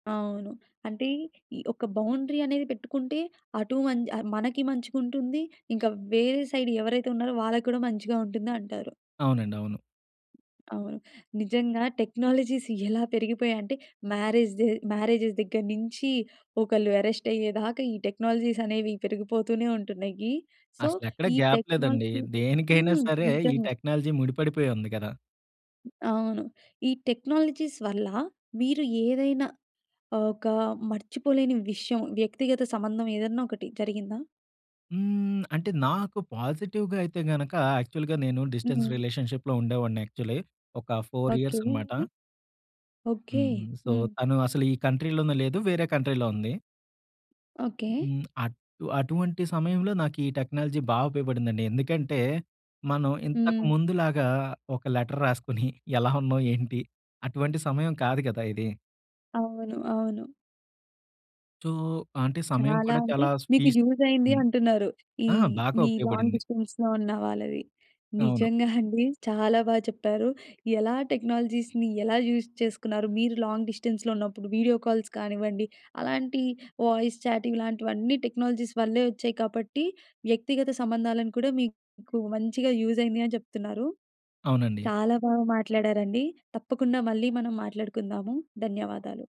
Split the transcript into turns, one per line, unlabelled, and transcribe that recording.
అవును. అంటే ఈ ఒక బౌండరీ అనేది పెట్టుకుంటే అటూ మంచ్ ఆహ్, మనకి మంచిగుంటుంది. ఇంకా వేరే సైడ్ ఎవరైతే ఉన్నారో వాళ్ళ కూడా మంచిగా ఉంటుందంటారు.
అవునండవును.
అవును. నిజంగా టెక్నాలజీస్ ఎలా పెరిగిపోయాయంటే, మ్యారేజ్ దె మ్యారేజెస్ దగ్గర నుంచీ ఒకళ్ళు అరెస్ట్ అయ్యేదాకా ఈ టెక్నాలజీస్ అనేవి పెరిగిపోతూనే ఉంటున్నాయి. సో
అసలెక్కడ
ఈ
గాప్ లేదండి.
టెక్నాలజీ
దేనికైనా
హ్మ్.
సరే, ఈ
నిజంగా!
టెక్నాలజీ ముడిపడిపోయుంది గదా!
అవును. ఈ టెక్నాలజీస్ వల్ల మీరు ఏదైనా ఆహ్, ఒకా మర్చిపోలేని విషయం వ్యక్తిగత సంబంధం ఏదన్నా ఒకటి జరిగిందా?
హ్మ్. అంటే నాకు పాజిటివ్‌గా అయితే, గనకా యాక్చువల్‌గా నేను డిస్టెన్స్
హ్మ్.
రిలేషన్‌షిప్‌లో ఉండేవాడిని యాక్చువల్లీ. ఒక 4
ఓకె.
ఇయర్స్ అన్నమాట.
ఓకె.
హ్మ్. సో
హ్మ్.
తను అసలూ ఈ కంట్రీలోనే లేదు. వేరే కంట్రీలో ఉంది.
ఓకె.
హ్మ్. అటు అటువంటి సమయంలో నాకీ టెక్నాలజీ బా ఉపయోగపడిందండి. ఎందుకంటే, మనం ఇంతకు
హ్మ్.
ముందులాగా ఒక లెటర్ రాసుకొని ఎలా ఉన్నావు? ఏంటి? అటువంటి సమయం కాదు గదా ఇదీ.
అవును, అవును.
సో అంటే సమయం
చాలా
కూడా
అంటే,
చాలా
మీకు
స్పీస్
యూజయిందీ
హ్మ్.
అంటున్నారు. ఈ
ఆ! బాగా
మీ లాంగ్
ఉపయోగపడింది.
డిస్టెన్స్‌లో ఉన్న వాళ్ళవి.
అవును.
నిజంగా అండి చాలా బా చెప్పారు. ఎలా టెక్నాలజీస్‌ని ఎలా యూజ్ చేసుకున్నారు. మీరు లాంగ్ డిస్టెన్స్‌లో ఉన్నప్పుడు వీడియో కాల్స్ కానివ్వండి, అలాంటి వాయిస్ చాట్ ఇలాంటివన్నీ టెక్నాలజీస్ వల్లే వచ్చాయి. కాబట్టి వ్యక్తిగత సంబంధాలను కూడా మీకు మంచిగా యూజయింది అని చెప్తున్నారు.
అవునండి.
చాలా బాగా మాట్లాడారండి. తప్పకుండా మళ్ళీ మనం మాట్లాడుకుందాము. ధన్యవాదాలు.